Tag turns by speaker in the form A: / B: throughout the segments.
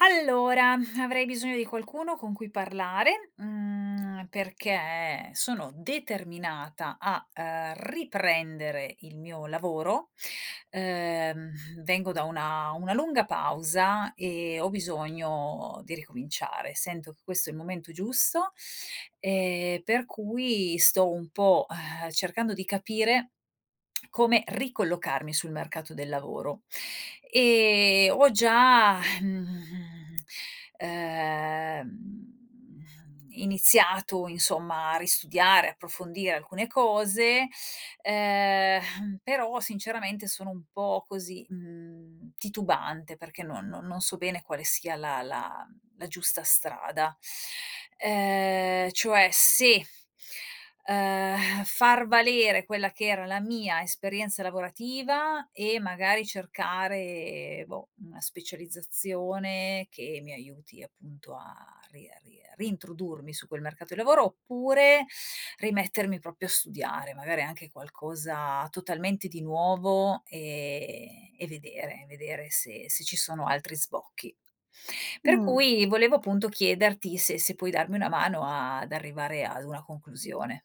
A: Allora, avrei bisogno di qualcuno con cui parlare, mhmm, perché sono determinata a, uhm, riprendere il mio lavoro. Uhm, vengo da una una lunga pausa e ho bisogno di ricominciare. Sento che questo è il momento giusto, ehm, per cui sto un po', uhm, cercando di capire come ricollocarmi sul mercato del lavoro. E ho già, mhmm, ehm, mhmm, iniziato insomma a ristudiare, approfondire alcune cose, ehm, però sinceramente sono un po' così, mhmm, titubante perché non non non so bene quale sia la la la giusta strada. Uhm, cioè se, uhm, far valere quella che era la mia esperienza lavorativa e magari cercare, boh, una specializzazione che mi aiuti, appunto, a ri a ri a rintrodurmi su quel mercato di lavoro oppure, rimettermi proprio a studiare, magari anche qualcosa totalmente di nuovo e e vedere, e vedere se se ci sono altri sbocchi. Per
B: Mh.
A: cui volevo appunto chiederti se se puoi darmi una mano ad arrivare ad una conclusione.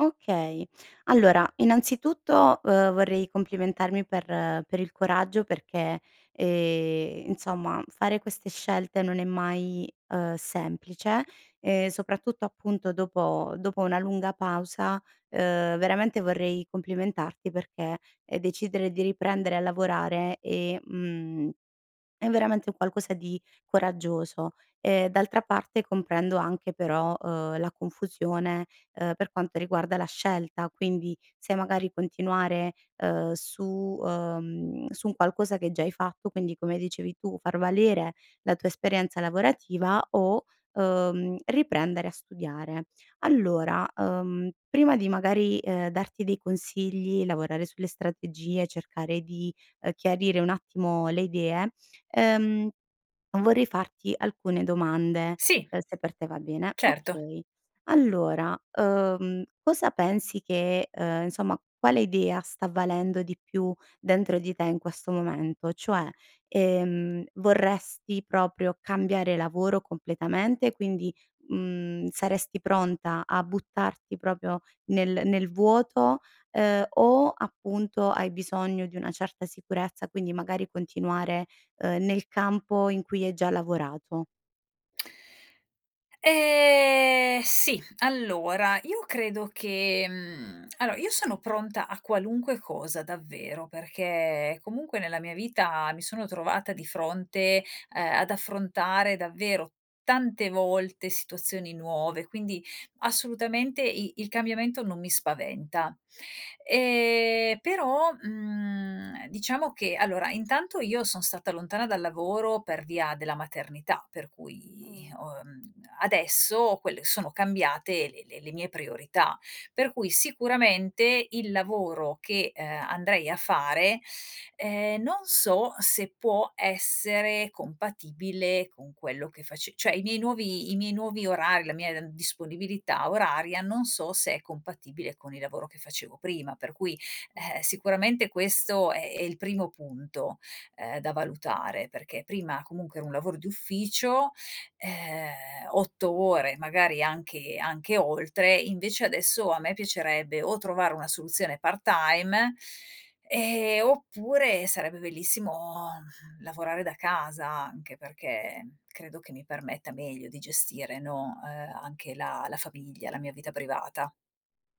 B: Okay. Allora innanzitutto, uhm, vorrei complimentarmi per per il coraggio perché, ehm, insomma fare queste scelte non è mai, uhm, semplice, ehm, soprattutto, appunto, dopo dopo una lunga pausa. Uhm, veramente vorrei complimentarti, perché, ehm, decidere di riprendere a lavorare e mhmm, è veramente un qualcosa di coraggioso. Ehm, d'altra parte comprendo anche però, uhm, la confusione, uhm, per quanto riguarda la scelta, quindi se magari continuare, uhm, su, uhm, su un qualcosa che già hai fatto, quindi come dicevi tu, far valere la tua esperienza lavorativa o, uhm, riprendere a studiare. Allora, uhm, prima di, magari, ehm, darti dei consigli, lavorare sulle strategie, cercare di, uhm, chiarire un attimo le idee, ehm, vorrei farti alcune domande,
A: Sì.
B: uhm, se per te va bene.
A: Certo.
B: Okay. Allora, uhm, cosa pensi che, uhm, insomma, quale idea sta valendo di più dentro di te in questo momento? Cioè, ehm, vorresti proprio cambiare lavoro completamente, quindi, mhmm, saresti pronta a buttarti proprio nel nel vuoto, ehm, o appunto, hai bisogno di una certa sicurezza quindi magari continuare, uhm, nel campo in cui hai già lavorato?
A: Ehm, sì. Allora io credo che, mhmm, allora io sono pronta a qualunque cosa, davvero, perché comunque nella mia vita mi sono trovata di fronte, ehm, ad affrontare, davvero, tante volte situazioni nuove, quindi assolutamente i il cambiamento non mi spaventa. Ehm, però, mhmm, diciamo che allora intanto io son stata lontana dal lavoro per via della maternità per cui
B: Mh.
A: ho, mhmm, adesso quelle sono cambiate le le le mie priorità; per cui sicuramente il lavoro che, uhm, andrei a fare, ehm, non so se può essere compatibile con quello che face cioè i miei nuovi i miei nuovi orari, la mia, mhmm, disponibilità oraria non so se è compatibile con il lavoro che facevo prima. Per cui, eh,
B: Mh.
A: sicuramente questo è è il primo punto, ehm, da valutare perché prima comunque era un lavoro di ufficio ehm, 8 ore magari anche anche oltre, invece adesso a me piacerebbe o trovare una soluzione part-time, ehm, oppure sarebbe bellissimo, mhmm, lavorare da casa, anche perché credo che mi permetta meglio di gestire, no, uhm, anche la la famiglia, la mia vita privata.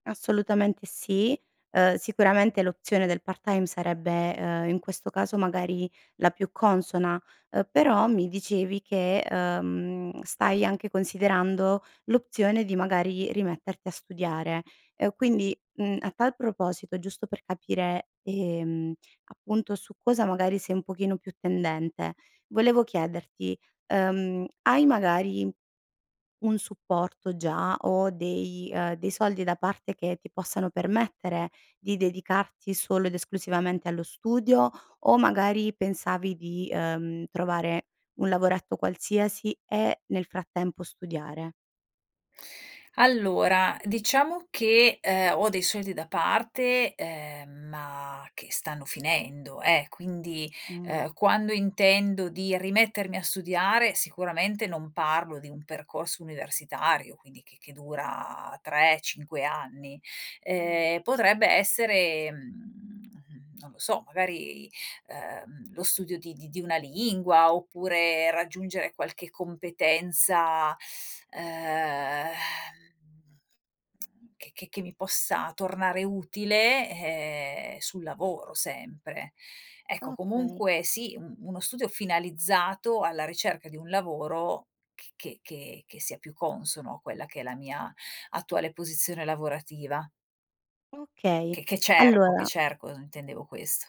B: Assolutamente sì, ehm, sicuramente l'opzione del part time sarebbe, ehm, in questo caso, magari, la più consona, uhm, però mi dicevi che, uhm, stai anche considerando l'opzione di, magari, rimetterti a studiare, e quindi, mhmm, a tal proposito giusto per capire, ehm, appunto, su cosa magari sei un pochino più tendente, volevo chiederti, ehm, hai magari un supporto già, o dei uhm dei soldi da parte, che ti possano permettere di dedicarti solo ed esclusivamente allo studio, o magari pensavi di, ehm, trovare un lavoretto qualsiasi e nel frattempo studiare?
A: Allora, diciamo che, ehm, ho dei soldi da parte, ehm, ma che stanno finendo eh, quindi,
B: Mh.
A: ehm, quando intendo di rimettermi a studiare, sicuramente non parlo di un percorso universitario quindi che che dura 3, 5 anni;
B: Mh.
A: ehm, potrebbe essere, mhmm, non lo so, magari, ehm, lo studio di di di una lingua, oppure raggiungere qualche competenza ehm, che che che mi possa tornare utile, ehm, sul lavoro sempre. Ecco,
B: Okay.
A: comunque sì un uno studio finalizzato alla ricerca di un lavoro c che che che sia più consono a quella che è la mia attuale posizione lavorativa.
B: Okay,
A: Che che cerco, che
B: allora
A: cerco, intendevo questo.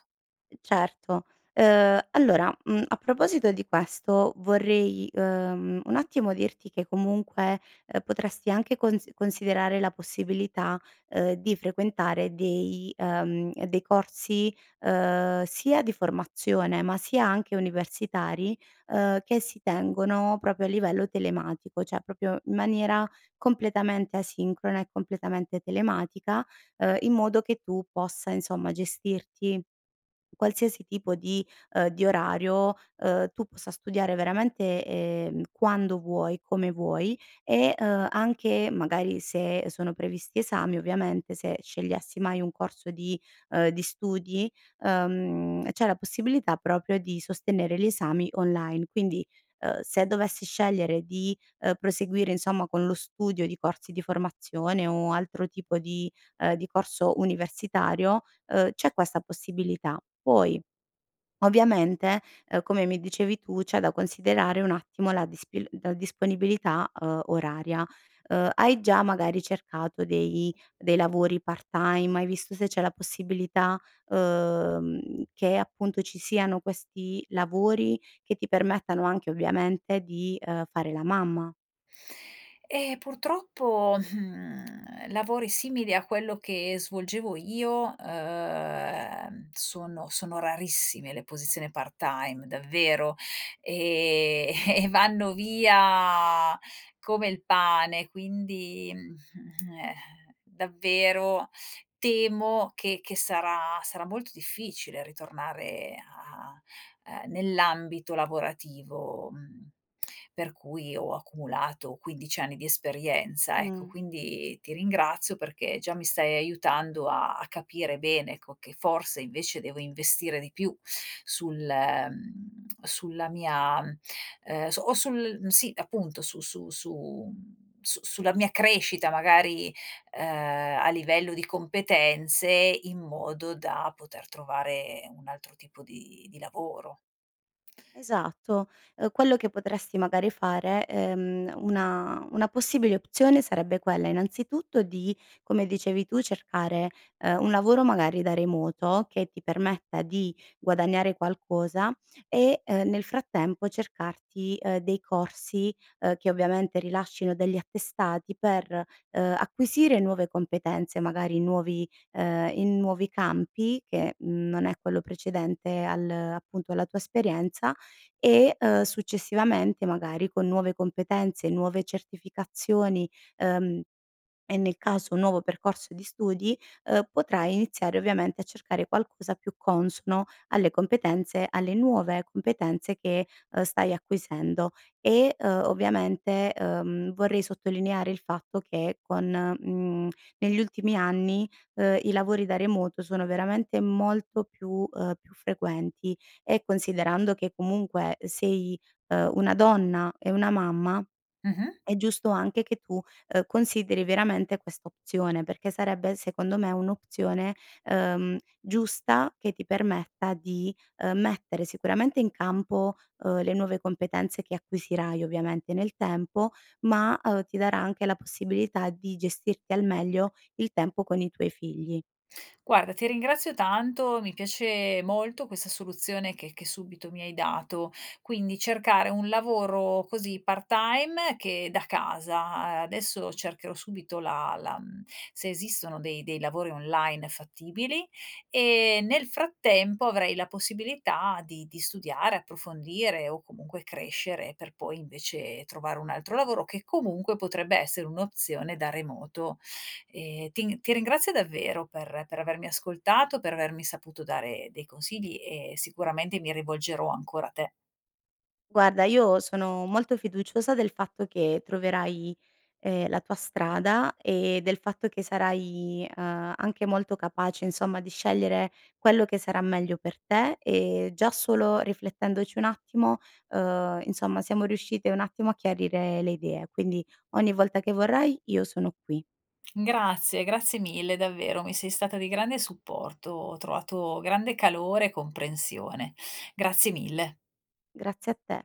B: Certo, uhm, allora, mhmm, a proposito di questo vorrei, ehm, un attimo dirti, che comunque potresti anche cons considerare la possibilità, uhm, di frequentare dei, ehm, dei corsi, uhm, sia di formazione, ma sia anche universitari, uhm, che si tengono proprio a livello telematico, cioè, proprio in maniera completamente asincrona e completamente telematica, uhm, in modo che tu possa insomma, gestirti qualsiasi tipo di, uhm, di orario, uhm, tu possa studiare veramente, ehm, quando vuoi, come vuoi e, uhm, anche, magari se sono previsti esami, ovviamente se scegliessi mai un corso di, uhm, di studi uhm, c'è la possibilità proprio di sostenere gli esami online; quindi, uhm, se dovessi scegliere di, ehm, proseguire insomma con lo studio di corsi di formazione, o altro tipo di, ehm, di corso universitario, ehm, c'è questa possibilità. Poi, ovviamente, ehm, come mi dicevi tu, c'è da considerare un attimo la dispi la disponibilità, uhm, oraria. Uhm, hai già magari cercato dei dei lavori part time, hai visto se c'è la possibilità, uhm, che appunto ci siano questi lavori che ti permettano anche ovviamente di, uhm, fare la mamma?
A: Ehm purtroppo, mhmm, lavori simili a quello che svolgevo io, ehm, sono sono rarissime le posizioni part time davvero, e e vanno via come il pane, quindi eh, davvero temo che che sarà sarà molto difficile ritornare a, ehm, nell'ambito lavorativo, mhmm, per cui ho accumulato 15 anni di esperienza ecco,
B: Mh.
A: quindi ti ringrazio perché già mi stai aiutando a a capire bene co che che forse invece devo investire di più sul, mhmm, sulla mia, ehm, su o sul sì appunto, su su su su sulla mia crescita magari, ehm, a livello di competenze, in modo da poter trovare un altro tipo di di lavoro.
B: Esatto, uhm, quello che potresti magari fare, ehm, una una possibile opzione, sarebbe quella innanzitutto di, come dicevi tu, cercare, ehm, un lavoro magari da remoto, che ti permetta di guadagnare qualcosa e, ehm, nel frattempo cercarti, ehm, dei corsi, ehm, che ovviamente rilascino degli attestati per, ehm, acquisire nuove competenze, magari nuovi ehm, in nuovi campi che, mhmm, non è quello precedente al appunto alla tua esperienza e, ehm, successivamente magari con nuove competenze, nuove certificazioni, ehm, e nel caso un nuovo percorso di studi, uhm, potrai iniziare ovviamente a cercare qualcosa più consono alle competenze alle nuove competenze, che stai acquisendo; e, uhm, ovviamente, uhm, vorrei sottolineare il fatto che con, mhmm, negli ultimi anni, ehm, i lavori da remoto sono veramente molto più, ehm, più frequenti, e considerando che, comunque, sei, uhm, una donna e una mamma,
A: Mh-mh.
B: è giusto anche che tu, ehm, consideri veramente questa opzione, perché sarebbe secondo me un'opzione, ehm, giusta, che ti permetta di, ehm, mettere sicuramente in campo, uhm, le nuove competenze che acquisirai, ovviamente nel tempo, ma, uhm, ti darà anche la possibilità di gestirti al meglio il tempo con i tuoi figli.
A: Guarda, ti ringrazio tanto, mi piace molto questa soluzione che che subito mi hai dato; quindi cercare un lavoro, così, part time che da casa, adesso cercherò subito la la mhmm, se esistono dei dei lavori online fattibili, e nel frattempo avrei la possibilità di di studiare, approfondire, o comunque crescere per poi invece trovare un altro lavoro, che comunque, potrebbe essere un'opzione da remoto. Ehm ti ti ringrazio davvero per per avermi ascoltato, per avermi saputo dare dei consigli e sicuramente mi rivolgerò ancora a te.
B: Guarda, io sono molto fiduciosa del fatto che troverai, ehm, la tua strada e del fatto che sarai, uhm, anche molto capace, insomma, di scegliere quello che sarà meglio per te, e già solo riflettendoci un attimo, uhm, insomma siamo riuscite un attimo a chiarire le idee, quindi ogni volta che vorrai io sono qui.
A: Grazie, grazie mille davvero, mi sei stata di grande supporto, ho trovato grande calore e comprensione. Grazie mille.
B: Grazie a te.